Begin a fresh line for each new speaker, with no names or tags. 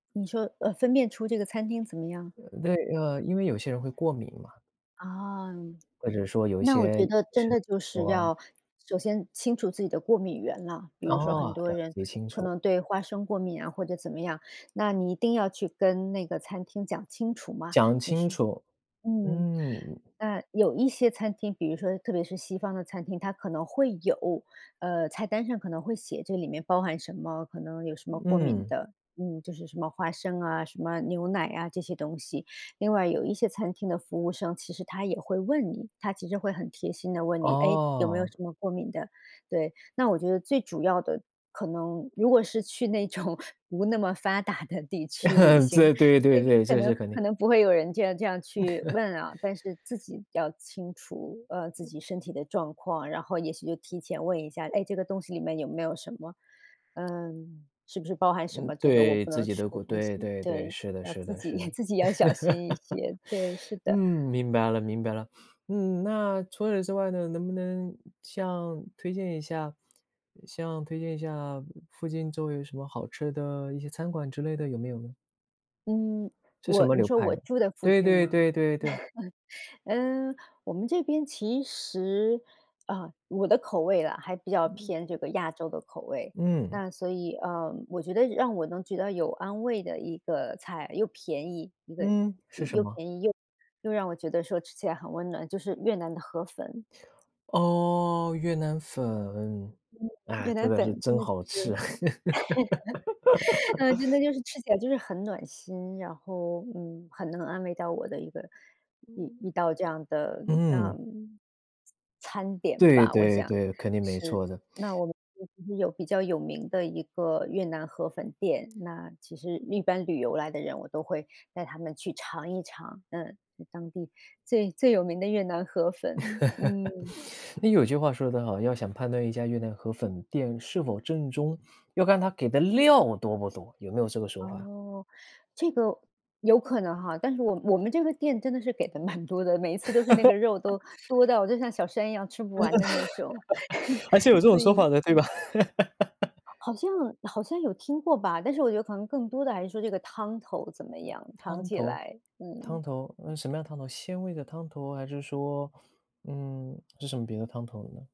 你说，呃，分辨出这个餐厅怎么样吗？
对，呃，因为有些人会过敏嘛。
啊。
或者说有一
那我
些
觉
也
得真
是
的就是
说。
要首先清楚自己的过敏源了。比如说
哦，
很多
了
人
解清
可
楚。
能对花生过敏啊或者怎么样，那你一定要去跟那个餐厅讲清楚嘛，
讲
就
清
是
楚。
嗯，
嗯。
那有一些餐厅，比如说特别是西方的餐厅，它可能会有，呃，菜单上可能会写这里面包含什么，可能有什么过敏
嗯。
的，嗯，就是什么花生啊，什么牛奶啊这些东西。另外有一些餐厅的服务生，其实他也会问你，他其实会很贴心地问你，哎，有没有
哦。
什么过敏的？对，那我觉得最主要的可能如果是去那种不那么发达的地区旅行，
对对对
对，
对，
可
这
能
是肯定。
可能不会有人这样这样去问啊，但是自己要清楚，呃，自己身体的状况，然后也许就提前问一下，哎，这个东西里面有没有什么，呃，是不是包含什
嗯，
么这个我
对
不
自
能
己
吃
的
的
过，
东西。
对对对，
对，
是的
要
是
自
的
己
是 的。
自己要小心一些，对，是
嗯，
的。
明白了明白了。嗯，那除此之外呢，能不能像推荐一下，像推荐一下附近周围有什么好吃的一些餐馆之类的，有没有呢？
嗯，
是什
我
么
你
流
说
派
我
的？
住的附
对
近
对
吗？
对对对。
呃，我们这边其实啊，我的口味啦，还比较
嗯。
偏这个亚洲的口味。
嗯。
那所以呃，我觉得让我能觉得有安慰的一个菜，又便宜一个，
嗯，是什
又
么？
便宜又又让我觉得说吃起来很温暖，就是越南的河粉。
哦，越南粉，
嗯，
哎，
越
这
南
个
粉
是
真
真
的就
好
是
吃。
真 的就是吃起来就是很暖心，然后，嗯，很能安慰到我的一个一一
嗯
道这样的那
嗯。
餐点
对
吧，我
对
想
对，肯定没
吃。
错的。
那 我们这边有比较有名的一个越南河粉店，那其实一般旅游来的人，我都会带他们去尝一尝，嗯，当地最最有名的越南河粉，嗯。
嗯，有句话说得好，要想判断一家越南河粉店是否正宗，要看他给的料多不多，有没有这个说法？
哦，这个有可能哈。但是我我们这个店真的是给的蛮多的，每一次都是那个肉都多到就像小山一样吃不完的那种。
还是有 这种
所
说
以
法的，对吧？
好像好像有听过吧，但是我觉得可能更多的还是说这个汤头怎么样，长
汤
期以
头
来，
汤
嗯。
头，呃，什么样的汤头，鲜味的汤头还是说嗯，是什么别的汤头呢？